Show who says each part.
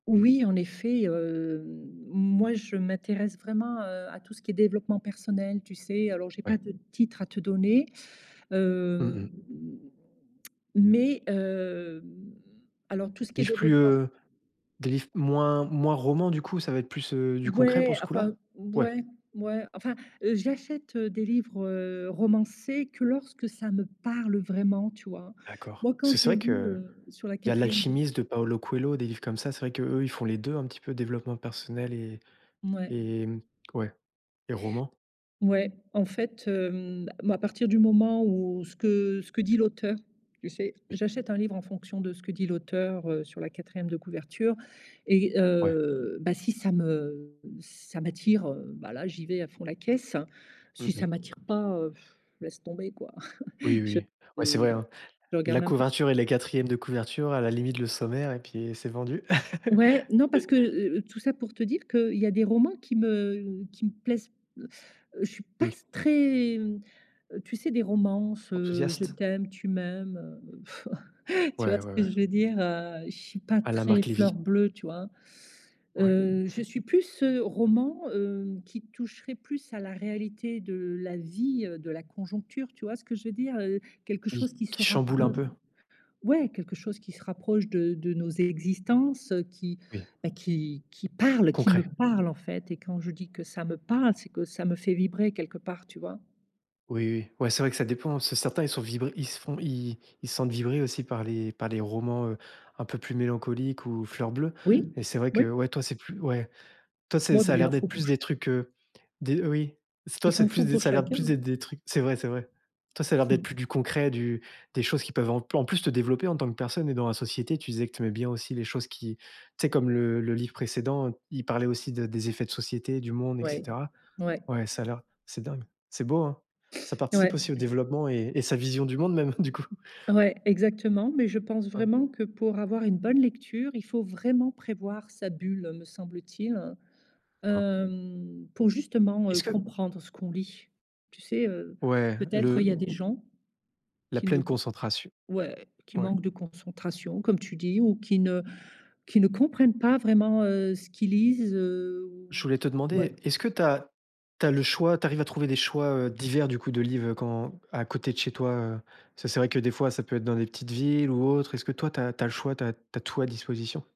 Speaker 1: Oui, en effet, hem, moi, je m'intéresse vraiment, heu, à tout ce qui est développement personnel, tu sais? Alors, j'ai pas
Speaker 2: Ouais.
Speaker 1: de titre à te donner,
Speaker 2: Mmh
Speaker 1: hem,
Speaker 2: mh.
Speaker 1: mais hem, alors tout ce qui est
Speaker 2: Livre plus,
Speaker 1: développement
Speaker 2: heu, des livres moins moins roman, du coup, ça va être plus, heu, du concret pour
Speaker 1: Ouais,
Speaker 2: ce
Speaker 1: enfin,
Speaker 2: coup-là? Ouais.
Speaker 1: ouais, ouais, enfin, heu, j'achète, heu, des livres, heu, romancés que lorsque ça me parle vraiment, tu vois?
Speaker 2: D'accord.
Speaker 1: Moi, quand
Speaker 2: C'est c'est
Speaker 1: j'ai
Speaker 2: vrai
Speaker 1: lu,
Speaker 2: qu'il
Speaker 1: heu, sur la
Speaker 2: y a
Speaker 1: quatrième de
Speaker 2: l'Alchimiste de Paulo Coelho, des livres comme ça. C'est vrai qu'eux, ils font les 2, un petit peu développement personnel et
Speaker 1: Mouais.
Speaker 2: et ouais et roman.
Speaker 1: Ouais, en fait, hem, moi à partir du moment où ce que ce que dit l'auteur, tu sais?
Speaker 2: Oui.
Speaker 1: J'achète un livre en fonction de ce que dit l'auteur, heu, sur la quatrième de couverture et
Speaker 2: Ouais.
Speaker 1: heu, ben, si ça me ça m'attire, heu, ben, là, j'y vais à fond la caisse. Si
Speaker 2: Mmh
Speaker 1: ça
Speaker 2: mh.
Speaker 1: m'attire pas, heu,, laisse tomber, quoi.
Speaker 2: Oui,
Speaker 1: Je,
Speaker 2: oui, ouais, c'est
Speaker 1: heu,
Speaker 2: vrai, hein.
Speaker 1: je regarde
Speaker 2: La
Speaker 1: même pas.
Speaker 2: couverture et les quatrièmes de couverture, à la limite, le sommaire et puis c'est vendu
Speaker 1: Ouais, non, parce
Speaker 2: et
Speaker 1: que, heu heu, tout ça pour te dire qu'il y a des romans qui me qui me plaisent je suis pas
Speaker 2: Oui.
Speaker 1: s très tu sais? Des romances, heu, je
Speaker 2: Enthousiaste.
Speaker 1: t'aime, tu m'aimes, heu, tu vois,
Speaker 2: Ouais,
Speaker 1: ce
Speaker 2: ouais, ouais.
Speaker 1: que je veux dire? Heu, je suis pas
Speaker 2: À la
Speaker 1: très
Speaker 2: Marc Levy.
Speaker 1: fleur bleue, tu vois?
Speaker 2: Ouais.
Speaker 1: Heu, je suis plus, heu, roman, heu, qui toucherait plus à la réalité de la vie, heu, de la conjoncture, tu vois, ce que je veux dire? Heu, quelque
Speaker 2: Oui,
Speaker 1: chose qui se
Speaker 2: qui chamboule un
Speaker 1: rapproche
Speaker 2: peu?
Speaker 1: ouais, quelque chose qui se rapproche de de nos existences, heu, qui,
Speaker 2: Oui.
Speaker 1: ben, qui qui parle, qui me
Speaker 2: Concret.
Speaker 1: parle, en fait et quand je dis que ça me parle, c'est que ça me fait vibrer quelque part, tu vois?
Speaker 2: Oui, oui, ouais c'est vrai que ça dépend, c'est certain, ils sont vibre ils se font ils ils se sentent vibrer aussi par les par les romans, heu, un peu plus mélancoliques ou fleurs bleues
Speaker 1: Oui,
Speaker 2: et c'est vrai que,
Speaker 1: oui.
Speaker 2: ouais, toi, c'est plus ouais, toi, c'est
Speaker 1: Bon,
Speaker 2: ça
Speaker 1: ben,
Speaker 2: a
Speaker 1: il
Speaker 2: l'air
Speaker 1: en faut
Speaker 2: d'être plus
Speaker 1: pour cha
Speaker 2: des trucs, heu, des oui, toi
Speaker 1: il
Speaker 2: c'est
Speaker 1: en
Speaker 2: plus
Speaker 1: faut
Speaker 2: des
Speaker 1: pour
Speaker 2: ça a l'air de
Speaker 1: chacun,
Speaker 2: plus d'être des
Speaker 1: hein.
Speaker 2: trucs c'est vrai c'est vrai. Toi, ça a l'air d'être plus du concret, du des choses qui peuvent en en plus te développer en tant que personne et dans la société tu disais que tu aimais bien aussi les choses qui, tu sais? Comme le le livre précédent, il parlait aussi de des effets de société, du monde et
Speaker 1: Ouais,
Speaker 2: cetera.
Speaker 1: ouais.
Speaker 2: Ouais, ça a l'air c'est dingue, c'est beau, hein. Ça
Speaker 1: Ouais.
Speaker 2: participe aussi au développement et et sa vision du monde même, du coup.
Speaker 1: Ouais, exactement, mais je pense
Speaker 2: Ouais.
Speaker 1: vraiment que pour avoir une bonne lecture, il faut vraiment prévoir sa bulle me semble-t-il,
Speaker 2: Ah.
Speaker 1: hem, pour justement, heu,
Speaker 2: Est-ce que
Speaker 1: comprendre ce qu'on lit. Tu sais? Heu,
Speaker 2: Ouais,
Speaker 1: peut-être il
Speaker 2: le
Speaker 1: y a des gens
Speaker 2: La
Speaker 1: qui ne
Speaker 2: pleine
Speaker 1: c
Speaker 2: concentration.
Speaker 1: ouais, «qui
Speaker 2: Ouais.
Speaker 1: manquent de concentration» comme tu dis ou qui ne qui ne comprennent pas vraiment, heu, ce qu'ils lisent, heu,
Speaker 2: Je voulais te
Speaker 1: ouais.
Speaker 2: demander, est-ce que tu as tu as le choix, tu arrives à trouver des choix, heu, divers, du coup, de livres quand à côté de chez toi, heu? Parce que c'est vrai que des fois, ça peut être dans des petites villes ou autres, est-ce que toi, tu as tu as le choix, tu as tu as tout à disposition?